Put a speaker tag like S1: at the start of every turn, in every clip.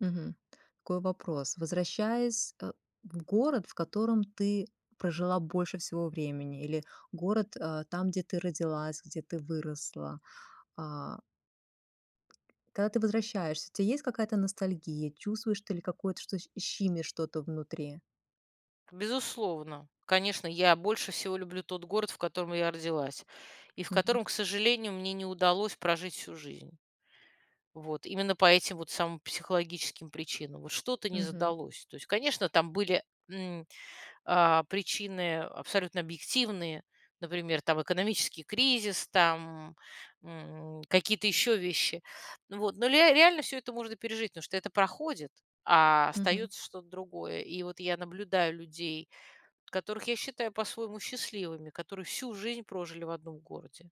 S1: Мгм. Такой вопрос. Возвращаясь, э, в город, в котором ты прожила больше всего времени, или город, э, там, где ты родилась, где ты выросла, а Когда ты возвращаешься, у тя есть какая то ностальгия? Чувствуешь ты ли какое-то, что щ щимит что-то внутри?
S2: Безусловно, конечно, я больше всего люблю тот город, в котором я родилась, и в
S1: Мгм.
S2: котором, к сожалению, мне не удалось прожить всю жизнь. Вот именно по этим вот самым психологическим причинам, вот что-то не
S1: Мгм.
S2: задалось. То есть, конечно, там были, м, а, причины абсолютно объективные, например, там экономический кризис, там, м, какие-то еще вещи, вот. Но вот, но ле реально всё это можно пережить, потому что это проходит, а
S1: Мгм.
S2: остается что-то другое. И вот я наблюдаю людей, которых я считаю по-своему счастливыми, которые всю жизнь прожили в одном городе.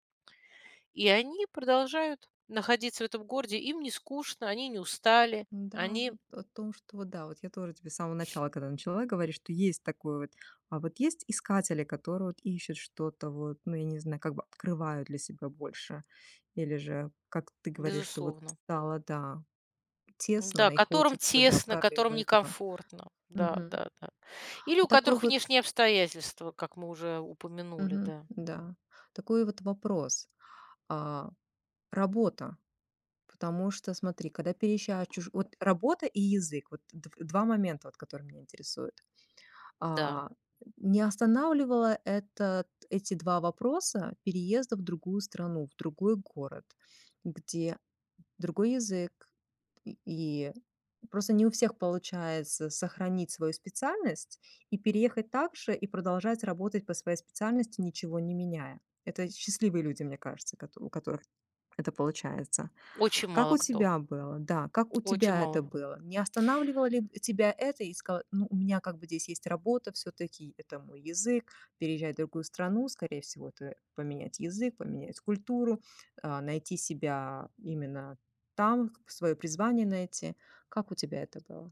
S2: И они продолжают находиться в этом городе. Им не скучно, они не устали,
S1: Н-да,
S2: они
S1: вот о том, что вот да вот, я тоже тебе с самого начала, когда начала говорить, что есть такой вот, а, вот есть искатели, которые вот ищут что-то вот, ну, я не знаю, как бы открывают для себя больше. Или же, как ты говоришь, что вот
S2: Безусловно.
S1: стало, да,
S2: Да,
S1: тесно и
S2: которым
S1: хочется, да,
S2: тесно,
S1: прорыва
S2: которым
S1: этого.
S2: некомфортно,
S1: Мгм.
S2: да-да-да, или у
S1: Вот такой
S2: которых
S1: вот
S2: внешние обстоятельства, как мы уже упомянули,
S1: Мгм,
S2: да.
S1: да, такой вот вопрос, а, работа Потому что, смотри, когда переезжаешь чужу вот работа и язык, вот дв два момента, вот которые меня интересуют.
S2: Да.
S1: А, не останавливало этот эти 2 вопроса переезда в другую страну, в другой город? Где другой язык, и и просто не у всех получается сохранить свою специальность и переехать также, и продолжать работать по своей специальности, ничего не меняя. Это счастливые люди, мне кажется, кото у которых это получается.
S2: Очень
S1: Как
S2: мало
S1: у
S2: кто.
S1: тебя было? Да, как у
S2: Очень
S1: тебя это
S2: мало.
S1: было? Не останавливало ли тебя это и ск ну, у меня как бы здесь есть работа, всё-таки это мой язык, переезжать в другую страну, скорее всего, это поменять язык, поменять культуру, а, найти себя именно там, к свое призвание найти. Как у тебя это было?